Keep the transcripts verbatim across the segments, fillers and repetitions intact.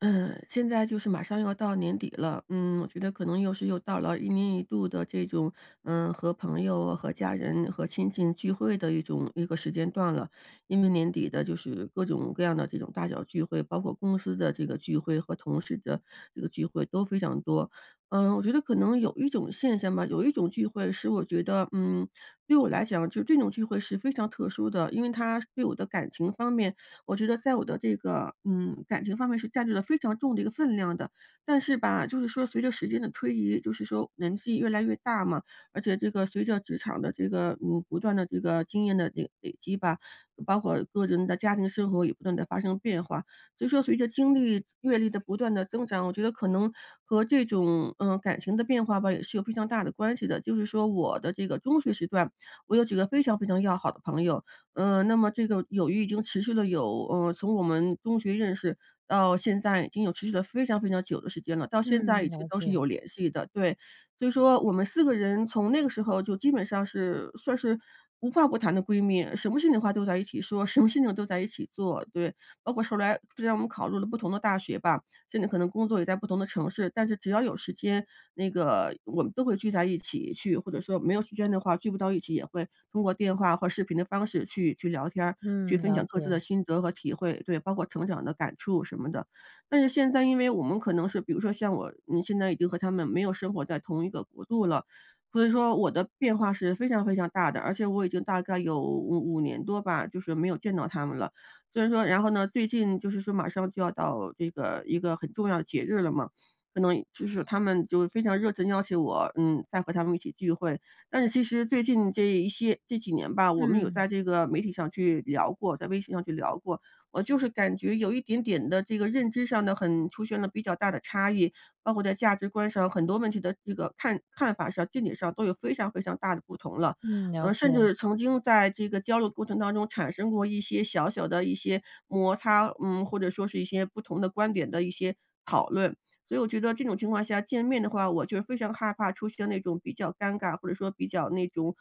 嗯，现在就是马上要到年底了。嗯，我觉得可能又是又到了一年一度的这种嗯，和朋友和家人和亲戚聚会的一种一个时间段了。因为年底的就是各种各样的这种大小聚会，包括公司的这个聚会，和同事的这个聚会都非常多。嗯，我觉得可能有一种现象吧，有一种聚会，是我觉得，嗯，对我来讲就这种聚会是非常特殊的。因为它对我的感情方面，我觉得在我的这个嗯，感情方面是占据了非常重的一个分量的。但是吧，就是说随着时间的推移，就是说年纪越来越大嘛，而且这个随着职场的这个嗯，不断的这个经验的累累积吧，包括个人的家庭生活也不断地发生变化。所以说，随着经历阅历的不断地增长，我觉得可能和这种呃，感情的变化吧，也是有非常大的关系的。就是说我的这个中学时段，我有几个非常非常要好的朋友。嗯，那么这个友谊已经持续了有呃，从我们中学认识，到现在已经有持续了非常非常久的时间了，到现在嗯，一直了都是有解。联系的，对。所以说我们四个人，从那个时候就基本上是算是无话不谈的闺蜜，什么事情的话都在一起说，什么事情都在一起做，对。包括后来虽然我们考入了不同的大学吧，现在可能工作也在不同的城市。但是只要有时间，那个我们都会聚在一起去或者说没有时间的话，聚不到一起，也会通过电话和视频的方式去去聊天儿，去嗯，分了享各自的解。心得和体会，对，包括成长的感触什么的。但是现在，因为我们可能是比如说像我，呃，现在已经和她们没有生活在同一个国度了，所以说我的变化是非常非常大的，而且我已经大概有五五年多吧，就是没有见到她们了。虽然说然后呢，最近就是说马上就要到这个一个很重要的节日了嘛，可能就是她们就非常热情邀请我，嗯，再和她们一起聚会。但是其实最近这一些这几年吧，我们有嗯。在这个媒体上去聊过，在微信上去聊过。我就是感觉有一点点的这个认知上的，很出现了比较大的差异，包括在价值观上，很多问题的这个看看法上，见解上都有非常非常大的不同了。嗯，了呃，甚解。至曾经在这个交流过程当中，产生过一些小小的一些摩擦嗯，或者说是一些不同的观点的一些讨论。所以我觉得这种情况下见面的话，我就非常害怕出现那种比较尴尬，或者说比较那种，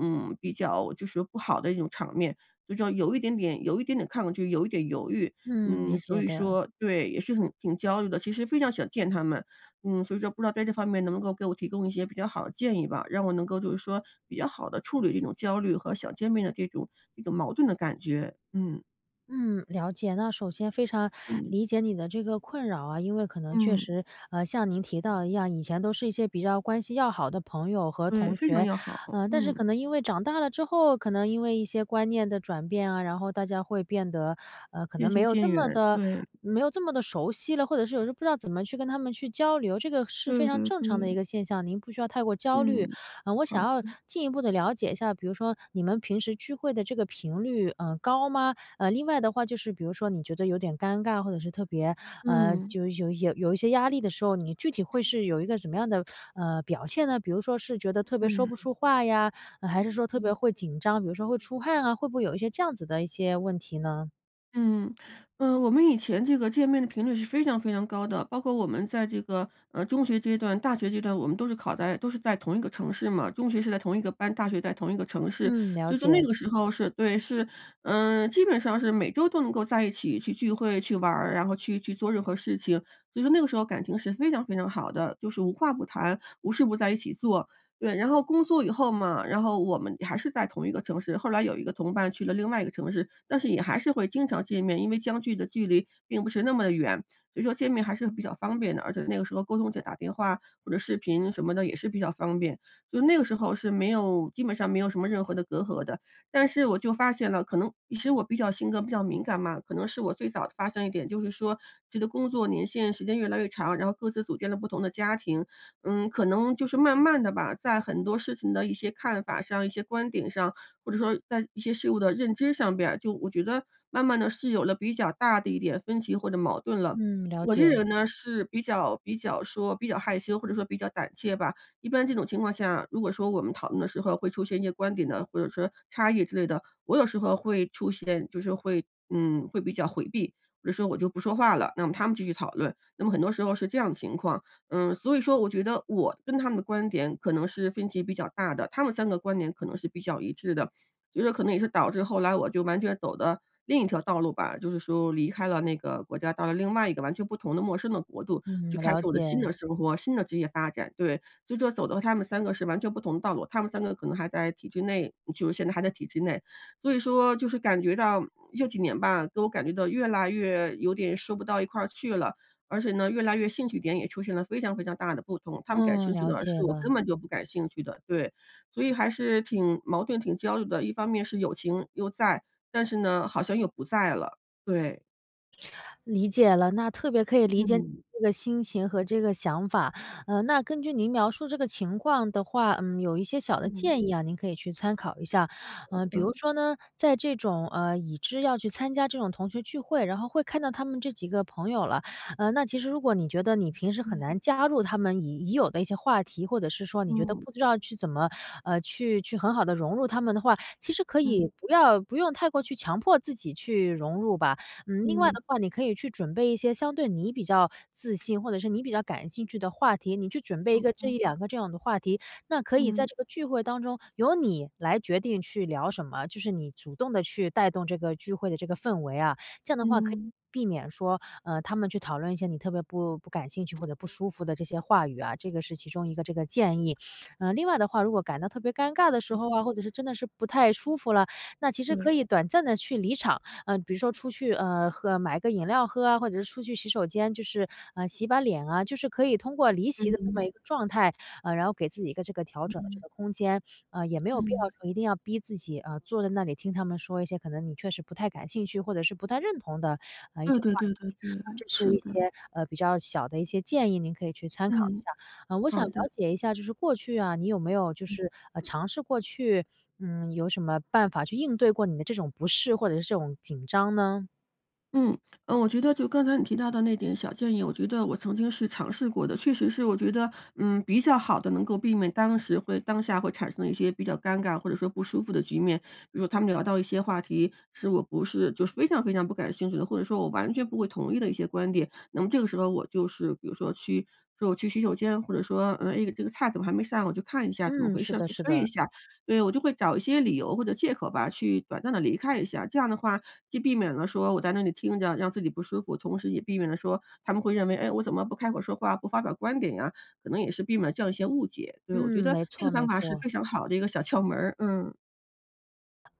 嗯，比较就是不好的一种场面。就说，有一点点有一点点抗拒，有一点犹豫。嗯，嗯，理所解以的。说对，也是很挺焦虑的，其实非常想见她们。嗯，所以说不知道在这方面，能不能给我提供一些比较好的建议吧，让我能够就是说，比较好地处理这种焦虑，和想见面的这种这种矛盾的感觉。嗯。嗯，了解，那首先非常嗯。理解你的这个困扰啊，因为可能确嗯。实，呃，像您提到的一样，以前都是一些比较关系要好的朋友和对，同非常学，要好，呃，但是嗯。可能因为长大了之后，可能因为一些观念的转变啊，然后大家会变得，呃，可能渐没行有这渐么远，地对。没有这么地熟悉了，或者是有时候不知道怎么去跟他们去交流。这个是非对常对正常的一对。个现象，您不需要太过焦虑。嗯，呃，我想好要的。进一步地了解一下，比如说你们平时聚会的这个频率，呃，高吗？呃，另外的话就是比如说你觉得有点尴尬，或者是特别呃，嗯。就有有有有一些压力的时候，你具体会是有一个什么样的，呃，表现呢？比如说是觉得特别说不嗯。出话呀，还是说特别嗯会紧张，比如说会出汗啊，会不会有一些这样子的一些问题呢？嗯，呃，我们以前这个见面的频率是非常非常高的，包括我们在这个，嗯，中学阶段、大学阶段，我们都是考在都是在同一个城市嘛，中学是在同一个班，大学在同一个城市。嗯，了所以说那解。个时候是对，是，嗯，基本上是每周都能够在一起去聚会、去玩儿，然后去去做任何事情，所以说那个时候感情是非常非常好的，就是无话不谈，无事不在一起做，对。然后工作以后嘛，然后我们还是在同一个城市，后来有一个同伴去了另外一个城市，但是也还是会经常见面，因为相距的距离并不是那么地远，所以说见面还是比较方便的，而且那个时候沟通就打电话或者视频什么的也是比较方便。就那个时候是没有基本上没有什么任何的隔阂的。但是我就发现了可能是我比较性格比较敏感嘛，可能是我最早发现一点，就是说，这个工作年限时间越来越长，然后各自组建了不同的家庭，嗯，可能就是慢慢地吧，在很多事情的一些看法上，一些观点上，或者说在一些事物的认知上边儿，就我觉得慢慢地是有了比较大的一点分歧或者矛盾了。嗯，了我这个解。人呢，是比较比较说比较害羞或者说比较胆怯吧。一般这种情况下如果说我们讨论的时候会出现一些观点呢，或者说差异之类的，我有时候会出现就是会嗯，会比较回避，比如说我就不说话了，那么她们继续讨论，那么很多时候是这样的情况。嗯，所以说我觉得我跟她们的观点可能是分歧比较大的，她们三个观点可能是比较一致的，觉得可能也是导致后来我就完全走的另一条道路吧。就是说离开了那个国家，到了另外一个完全不同的陌生的国度，嗯，就开了始我的新解。的生活，新的职业发展，对。就说走到她们三个是完全不同的道路，她们三个可能还在体制内就是现在还在体制内。所以说就是感觉到这几年吧，都感觉到越来越有点说不到一块儿去了，而且呢，越来越兴趣点也出现了非常非常大的不同，她们感嗯，兴趣了的解事我了。根本就不感兴趣的。对，所以还是挺矛盾挺焦虑的，一方面是友情又在，但是呢，好像又不在了，对。理解了。那特别可以理解你嗯。这个心情和这个想法。呃，那根据您描述这个情况的话嗯，有一些小的嗯。建议啊，您可以去参考一下。呃，比如 说呢，在这种呃，已知要去参加这种同学聚会，然后会看到他们这几个朋友了。呃，那其实如果你觉得，你平时很嗯。难加入他们已已有的一些话题，或者是说，你觉得嗯。不知道去怎么呃，去去很好地融入他们的话，其实可以嗯。不要不用太过去强迫自己去融入吧。嗯，另外嗯。的话，你可以去准备一些相对你比较自信，或者是你比较感兴趣的话题，你去准备一嗯个，这嗯。一两个这样的话题。那可以在嗯。这个聚会当中，由你来决定去聊什么，就是你主动地去带动这个聚会的这个氛围啊。这样的话，可以嗯。避免说呃，他们去讨论一些你特别不不感兴趣、或者不舒服的这些话语啊，这个是其中一个这个建议。呃，另外的话，如果感到特别尴尬的时候啊，或者是真的是不太舒服了，那其实可对。以短暂地去离场。呃，比如说出去呃，喝买个饮料喝啊，或者是出去洗手间，就是呃，洗把脸啊，就是可以通过离席嗯的这么嗯。一个状态，然后给自己一个这个调嗯整的这嗯。个空间。呃，也没有必要嗯。说一定要逼自己，呃，坐在那里听他们说一些可能你确实不太感兴趣、或者是不太认同的呃，一对些对话题。对对-对。呃，这是是一的。些比较小的一些建议，您可以去参考一嗯，下。呃，我想好了的。解一下，就是过去啊，你有没有就嗯。是呃，尝试过，去嗯，有什么办法，去应对过你的这种不适，或者是这种紧张呢？嗯，呃，我觉得就刚才你提到的那点小建议，我觉得我曾经是尝试过的，确实是我觉得，嗯，比较好地能够避免当时会当下会产生的一些比较尴尬，或者说不舒服的局面。比如他们聊到一些话题，是我不是就非常非常不感兴趣的，或者说我完全不会同意的一些观点，那么这个时候我就是比如说去说：“我去洗手间”，或者说，“呃，哎，这个菜怎么还没上，我去看一下怎么嗯，回是事儿，的去是催一的。下”。对，我就会找一些理由或者借口吧，去短暂地离开一下，这样的话既避免了说我在那里听着让自己不舒服，同时也避免了说他们会认为，诶，我怎么不开口说话，不发表观点呀？可能也是避免了这样一些误解，对，我觉嗯，得没这错个方没法是错。非常好的一个小窍门儿，嗯。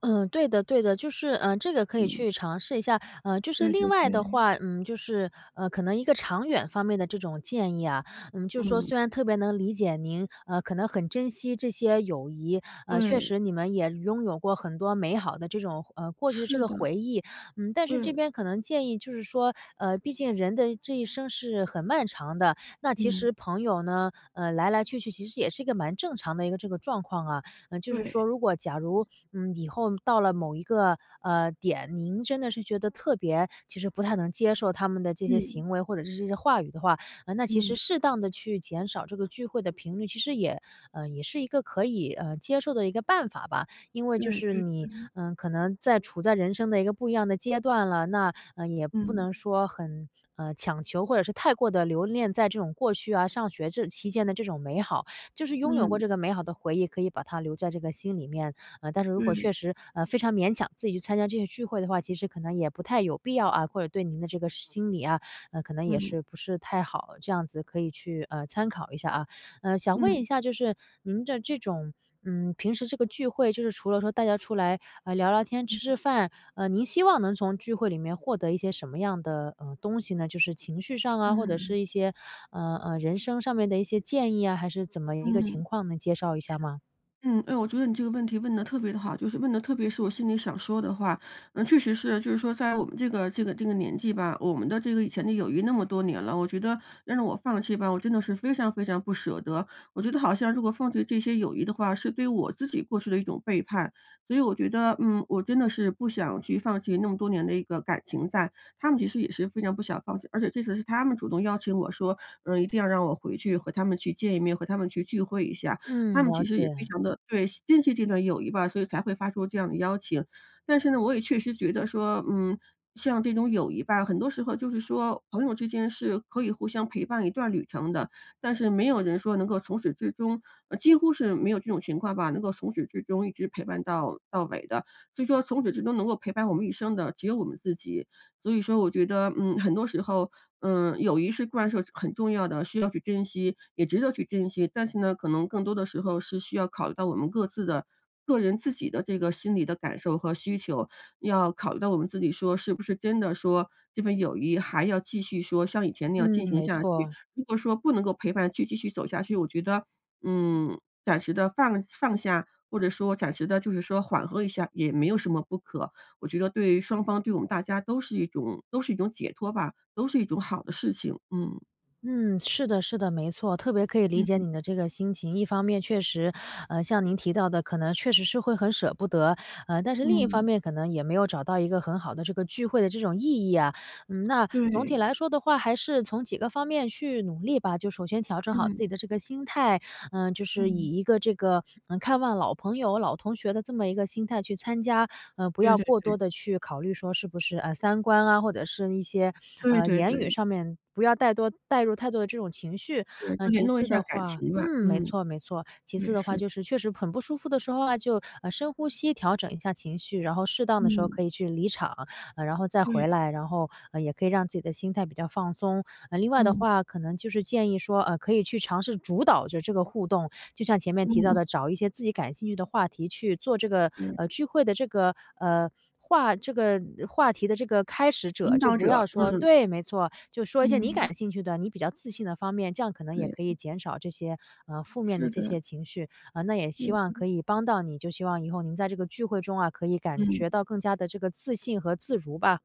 嗯，对的对的，就是，呃，这个可以嗯。去尝试一下。呃，就是对另对外的对。话，嗯，就是，呃，可能一个长远方面的这种建议啊，嗯，就是说嗯。虽然特别能理解您，呃，可能很珍惜这些友谊，呃，确对。实你们也拥有过很多美好的这种呃，过去这是个的。回忆。嗯，但是这对。边可能建议就是说，呃，毕竟人的这一生是很漫长的，那其嗯。实朋友呢，呃，来来去去其实也是一个蛮正常的一个这个状况啊，呃，就是说对。如果假如，嗯，以后到了某一个，呃，点，您真的是觉得特别其实不太能接受他们的这些嗯。行为，或者是这些话语的话，呃，那其实嗯。适当地去减少这个聚会的频率，其实也呃，也是一个可以，呃，接受的一个办法吧。因为就对是对，你，嗯。呃，可能在处在人生的一个不一样的阶段了，那，呃，也不嗯。能说很，呃，强求，或者是太过地留恋在这种过去啊、上学这期间的这种美好，就是拥有过嗯。这个美好的回忆，可以把它留在这个心里面。呃，但是如果对。确实，呃，非常勉强自己去参加这个聚会的话，其实可能也不太有必要啊，或者对您的这个心理啊，呃，可能也嗯。不是太好，这样子可以去，呃，参考一下啊。呃，想问嗯。一下，就是您的这种，嗯，平时这个聚会，就是除了说大家出来，呃，聊聊天、吃吃饭，呃，您希望能从聚会里面获得一些什么样的，呃，东西呢？就是情绪上啊，或者嗯。是一些，呃呃，人生上面的一些建议啊，还是怎么一个情嗯。况，能介绍一下吗？嗯，哎，我觉得你这个问题问得特别地好，就是问得特别是我心里想说的话。那确实是，就是说在我们这个这个这个年纪吧，我们的这个以前的友谊那么多年了，我觉得要让我放弃吧，我真的是非常非常不舍得。我觉得好像如果放弃这些友谊的话，是对我自己过去的一种背叛。所以我觉得，嗯，我真的是不想去放弃那么多年的一个感情在。她们其实也是非常不想放弃，而且这次是她们主动邀请我说，呃，一定要让我回去和她们去见一面、和她们去聚会一下。她嗯，们了其实也非解。常地对，惜珍惜这段友谊吧，所以才会发出这样的邀请。但是呢，我也确实觉得说，嗯，像这种友谊吧，很多时候就是说朋友之间是可以互相陪伴一段旅程的，但是没有人说能够从始至终呃，几乎是没有这种情况吧，能够从始至终一直陪伴到到尾的。所以说从始至终能够陪伴我们一生的只有我们自己，所以说我觉得，嗯，很多时候，嗯，友谊是固然是有很重要的，需要去珍惜，也值得去珍惜。但是呢，可能更多的时候是需要考虑到我们各自的个人自己的这个心理的感受和需求，要考虑到我们自己说，是不是真的说，这份友谊还要继续说像以前那样嗯，进行没下去。错。如果说不能够陪伴去继续走下去，我觉得，嗯，暂时地放放下，或者说暂时地就是说缓和一下，也没有什么不可，我觉得对双方、对我们大家都是一种都是一种解脱吧、都是一种好的事情，嗯。嗯，是的是的，没错，特别可以理解嗯。你的这个心情。一方面确实，呃，像您提到的，可能确实是会很舍不得，呃，但是另一方嗯。面可能也没有找到一个很好的这个聚会的这种意义啊。嗯，那总体对。来说的话，还是从几个方面去努力吧。就首先调整好嗯。自己的这个心态，呃，就是嗯。以一个这个，呃，看望老朋友、老同学的这么一个心态去参加，呃，不对要对过多对。地去考虑说是不是，啊，三观啊，或者是一些，对呃，对言语对。上面不要带多带入太多的这种情绪。对，就呃，联其络一次下的感话情吧，嗯，没嗯。错没错，其对，次的话是的。就是确实很不舒服的时候啊就，呃，深呼吸，调整一下情绪，然后适当的时候嗯。可以去离场，呃，然后再回对。来，然后，呃，也可以让自己的心态比较放松。呃，另外的嗯。话可能就是建议说，呃，可以去尝试主导这这个互动，就像前面提到嗯。的找一些自己感兴趣的话题去做这个，对。呃，聚会的这个，呃，话这个呃，话题的这个开始者，引就导不要者，说嗯。对，没错，就说一些你嗯。感兴趣的，你比较自信的方面，这样可能也可以对。减少这些，呃，负面的是这的。些情绪。呃，那也希望可对。以帮到你，就希望以后您在这个聚会中啊，可以感嗯。觉到更加地这个自信和自如吧。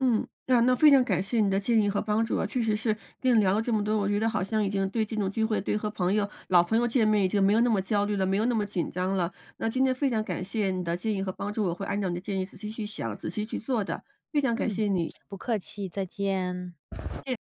嗯，那那非常感谢你的建议和帮助啊，确实是跟你聊了这么多，我觉得好像已经对这种聚会，对和朋友老朋友见面已经没有那么焦虑了、没有那么紧张了。那今天非常感谢你的建议和帮助，我会按照你的建议仔细去想、仔细去做的，非常感嗯，谢你。不客气，再见。再见。